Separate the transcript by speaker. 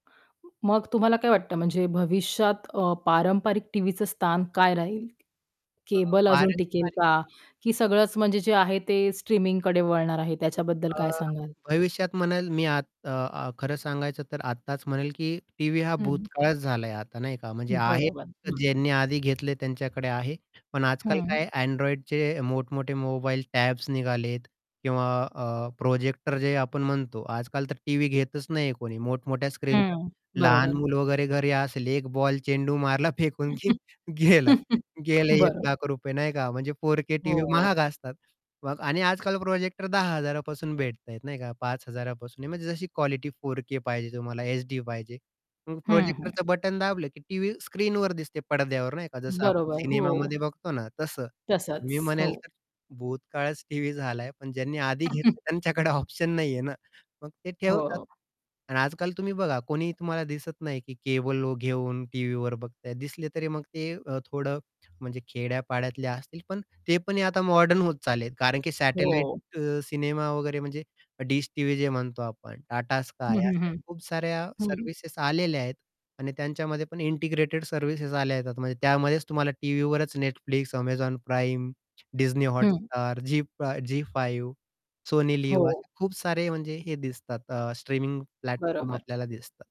Speaker 1: मग तुम्हाला काय वाटतं म्हणजे भविष्यात अ, पारंपरिक टीव्हीचं स्थान काय राहील,
Speaker 2: अ,
Speaker 1: केबल अजून टिकेल
Speaker 2: पारंपारिक.
Speaker 1: का? की सगळंच म्हणजे जे आहे ते स्ट्रीमिंगकडे वळणार आहे त्याच्याबद्दल काय
Speaker 2: अ,
Speaker 1: सांगाल?
Speaker 2: भविष्यात म्हणेल मी आत अ, अ, खरं सांगायचं तर आत्ताच म्हणेल, की टीव्ही हा
Speaker 1: हं.
Speaker 2: भूतकाळाच झालाय आता नाही का? म्हणजे आहे
Speaker 1: बरोबर.
Speaker 2: तर
Speaker 1: हं.
Speaker 2: ज्यांनी आधी घेतले त्यांच्याकडे आहे. पण आज-काल
Speaker 1: हं.
Speaker 2: काय Androidचे मोठ मोठे मोबाईल टॅब्स निघाले आहेत. किंवा अ, प्रोजेक्टर जे आपण म्हणतो. आज-काल तर टीव्ही घेतच नाही कोणी, मोठमोठ्या स्क्रीन
Speaker 1: हं,
Speaker 2: लहान
Speaker 1: बरोबर.
Speaker 2: मुलं वगैरे घरी असेल एक बॉल चेंडू मारला फेकून की गेलं, गेले एक
Speaker 1: बरोबर.
Speaker 2: लाख रुपये नाही का? म्हणजे 4K टीव्ही
Speaker 1: हो.
Speaker 2: महाग असतात. मग आणि आज-काल प्रोजेक्टर 10,000 पासून भेटताहेत नाही का? 5,000 पासून म्हणजे जशी क्वालिटी 4K पाहिजे तुम्हाला HD पाहिजे. मग
Speaker 1: हं, हं.
Speaker 2: प्रोजेक्टरचं बटन दाबलं, की टीव्ही स्क्रीनवर दिसते, पडद्यावर नाही का, जसं आपण
Speaker 1: बरोबर, हो.
Speaker 2: सिनेमामध्ये बघतो ना तसं.
Speaker 1: तसंच.
Speaker 2: मी म्हणेल
Speaker 1: हो.
Speaker 2: तर भूतकाळच टीव्ही झालाय पण ज्यांनी आधी घेतलं त्यांच्याकडे ऑप्शन नाही आहे ना. मग ते ठेवतात.
Speaker 1: हो.
Speaker 2: आणि आजकाल तुम्ही बघा कोणी तुम्हाला दिसत नाही, की केबल घेऊन टीव्हीवर बघताय. दिसले तरी मग ते थोडं म्हणजे खेड्या-पाड्यातले असतील पण ते पण आता मॉडर्न होत चालले कारण की सॅटेलाईट
Speaker 1: हो.
Speaker 2: अ, सिनेमा वगैरे म्हणजे डिश टीव्ही जे म्हणतो आपण टाटा
Speaker 1: हं,
Speaker 2: स्काय
Speaker 1: हं,
Speaker 2: अशा
Speaker 1: हं.
Speaker 2: खूप साऱ्या
Speaker 1: हं.
Speaker 2: सर्व्हिसेस आलेल्या आहेत. आणि त्यांच्यामध्ये पण इंटिग्रेटेड सर्व्हिसेस आल्या येतात म्हणजे त्यामध्येच तुम्हाला टीव्हीवरच Netflix, Amazon Prime, Disney
Speaker 1: हं.
Speaker 2: Hotstar, झी फा झी फाइव्ह, सोनी लिव्ह
Speaker 1: हो.
Speaker 2: असे खूप सारे म्हणजे हे दिसतात अ, स्ट्रीमिंग प्लॅटफॉर्म
Speaker 1: बरोबर.
Speaker 2: आपल्याला दिसतात.